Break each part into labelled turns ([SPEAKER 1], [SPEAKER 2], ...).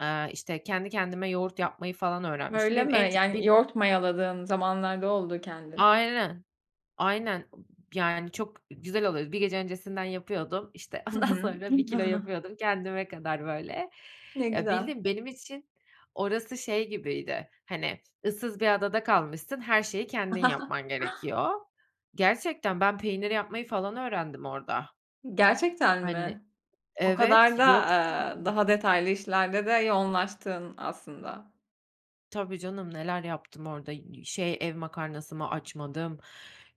[SPEAKER 1] Eee, işte, kendi kendime yoğurt yapmayı falan
[SPEAKER 2] Hı.
[SPEAKER 1] öğrenmiştim.
[SPEAKER 2] Öyle
[SPEAKER 1] Benim
[SPEAKER 2] mi?
[SPEAKER 1] en çok
[SPEAKER 2] Yani
[SPEAKER 1] beni
[SPEAKER 2] yoğurt mayaladığın zamanlar da oldu kendin.
[SPEAKER 1] Aynen, aynen, ıb yani, çok güzel oluyor. Z bir gece öncesinden yapıyordum, işte,
[SPEAKER 2] Hı
[SPEAKER 1] ondan
[SPEAKER 2] hı.
[SPEAKER 1] sonra 1 kilo yapıyordum kendime kadar böyle.
[SPEAKER 2] Ne
[SPEAKER 1] Ya,
[SPEAKER 2] güzel.
[SPEAKER 1] bildiğin, benim için, orası şey gibiydi, hani, ıssız bir adada kalmışsın her şeyi kendin yapman gerekiyor Gerçekten ben peynir yapmayı falan öğrendim orada.
[SPEAKER 2] Gerçekten
[SPEAKER 1] Hani
[SPEAKER 2] mi? O
[SPEAKER 1] Evet,
[SPEAKER 2] kadar da,
[SPEAKER 1] yok çünkü.
[SPEAKER 2] aaa, daha detaylı işlerde de yoğunlaştın aslında.
[SPEAKER 1] Tabii canım, neler yaptım orada y şey ev makarnası mı açmadım,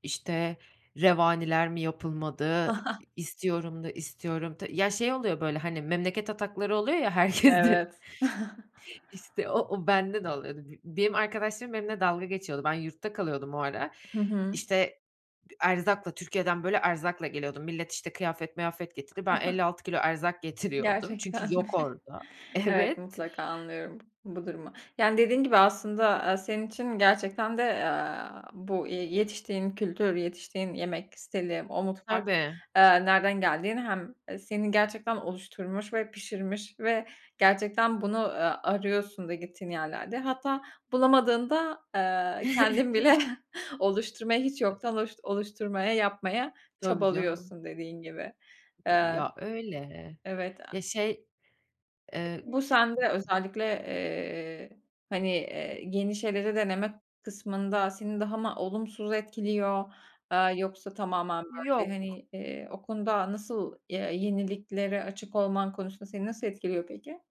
[SPEAKER 1] işte, revaniler mi yapılmadı, i i istiyorum da istiyorum ta Ya, şey oluyor böyle, hani, memleket atakları oluyor ya herkesde.
[SPEAKER 2] Evet.
[SPEAKER 1] İşte o, o bende de oluyordu. B benim arkadaşlarım benimle dalga geçiyordu. Ben yurtta kalıyordum o ara.
[SPEAKER 2] Hı hı.
[SPEAKER 1] İşte, d erzakla, Türkiye'den, böyle, erzakla geliyordum. Millet, işte, kıyafet, mıyafet getirdi. Ben elli altı kilo erzak getiriyordum.
[SPEAKER 2] Gerçekten
[SPEAKER 1] Çünkü
[SPEAKER 2] mi?
[SPEAKER 1] yok orada.
[SPEAKER 2] Evet,
[SPEAKER 1] Evet.
[SPEAKER 2] mutlaka anlıyorum b bu durumu. Yani, dediğin gibi aslında, aaa, senin için gerçekten de, aaa, bu, eee, yetiştiğin kültür, yetiştiğin yemek stili, o mutfak,
[SPEAKER 1] Tabii.
[SPEAKER 2] eee, nereden geldiğini hem, eee, senin gerçekten oluşturmuş ve pişirmiş ve gerçekten bunu, aaa, arıyorsun da gittiğin yerlerde. Hatta bulamadığında, eee, kendin bile oluşturmaya hiç yoktan oluşt oluşturmaya, yapmaya
[SPEAKER 1] Tabii, canım.
[SPEAKER 2] çabalıyorsun dediğin gibi.
[SPEAKER 1] İii,
[SPEAKER 2] Eee
[SPEAKER 1] ya, öyle.
[SPEAKER 2] Evet, aaa.
[SPEAKER 1] Ya, şey eee.
[SPEAKER 2] Bu sende özellikle, eee, hani, eee, yeni, şeyleri denemek kısmında seni daha mı olumsuz etkiliyor, aaa, yoksa tamamen böyle
[SPEAKER 1] Yok.
[SPEAKER 2] hani, iii, o konuda nasıl ya yeniliklere açık olman konusunda seni nasıl etkiliyor peki?